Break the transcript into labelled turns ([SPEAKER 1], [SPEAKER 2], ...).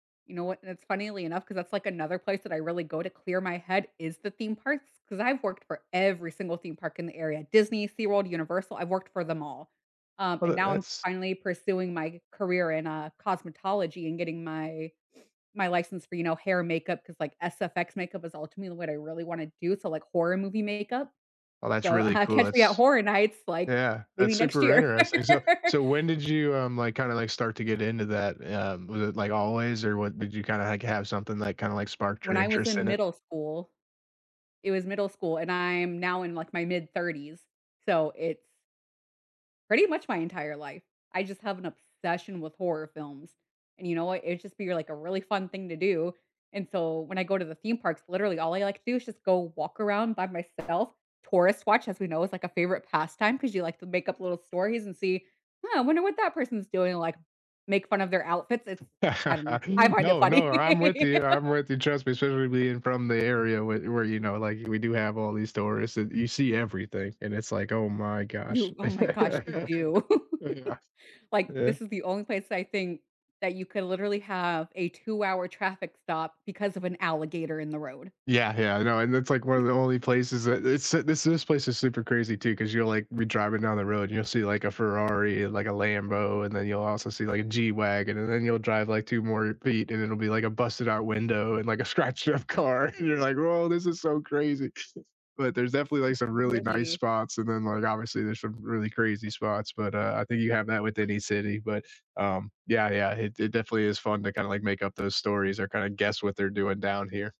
[SPEAKER 1] You know what, that's funnily enough, 'cause that's like another place that I really go to clear my head is the theme parks, 'cause I've worked for every single theme park in the area, Disney, SeaWorld, Universal, I've worked for them all. Um,
[SPEAKER 2] Oh,
[SPEAKER 1] and
[SPEAKER 2] that
[SPEAKER 1] now I'm
[SPEAKER 2] that's
[SPEAKER 1] finally pursuing my career in, uh, cosmetology and getting my my license for, you know, hair and makeup 'cause, like, SFX makeup is ultimately what I really wanna do, so, like horror movie makeup.
[SPEAKER 2] Well, that's
[SPEAKER 1] So,
[SPEAKER 2] really cool.
[SPEAKER 1] catch me at
[SPEAKER 2] That's
[SPEAKER 1] Horror Nights, like,
[SPEAKER 2] yeah,
[SPEAKER 1] maybe
[SPEAKER 2] that's
[SPEAKER 1] next
[SPEAKER 2] super
[SPEAKER 1] year.
[SPEAKER 2] interesting. So so, when did you, um, like, kinda, like, start to get into that? Um, was it like always or what? Did you kind of hack have something, like, kinda, like, sparked your
[SPEAKER 1] When I was
[SPEAKER 2] interest
[SPEAKER 1] in
[SPEAKER 2] in it?
[SPEAKER 1] middle school it was middle school, and I'm now in, like, my mid 30s, so, it's pretty much my entire life. I just have an obsession with horror films, and you know what, it just be, like, a really fun thing to do, and so when I go to the theme parks, literally, all I like to do is just go walk around by myself, tourist watch, as we know, is like a favorite pastime 'cause you like to make up little stories and see, "Huh, I wonder what that person's doing?" Like, make fun of their outfits, it's I don't know I find it
[SPEAKER 2] No, no,
[SPEAKER 1] funny.
[SPEAKER 2] I'm with you, I'm with you. Trust me, especially being from the area whe where, you know, like, we do have all these stories and you see everything and it's like, "Oh my gosh."
[SPEAKER 1] You oh, my gosh, you do.
[SPEAKER 2] Yeah.
[SPEAKER 1] Like,
[SPEAKER 2] Yeah.
[SPEAKER 1] this is the only place I think that you could literally have a 2 hour traffic stop because of an alligator in the road.
[SPEAKER 2] Yeah, yeah, I know, and that's, like, 1 of the only places that it's this this place is super crazy, too, 'cause you're like, be driving down the road and you'll see like a Ferrari, and like a Lambo, and then you'll also see like a G-Wagen and then you'll drive like 2 more feet and it'll be like a busted out window and like a scratched up car, you're like, "Woah, this is so crazy." But there's definitely, like,
[SPEAKER 1] It's
[SPEAKER 2] some
[SPEAKER 1] it's
[SPEAKER 2] really nice
[SPEAKER 1] really
[SPEAKER 2] spots and, then, like, obviously there's some really crazy spots, but, uh, I think you have that with any city, but, um yeah, yeah, it it definitely is fun to kinda, like, make up those stories or kinda guess what they're doing down here.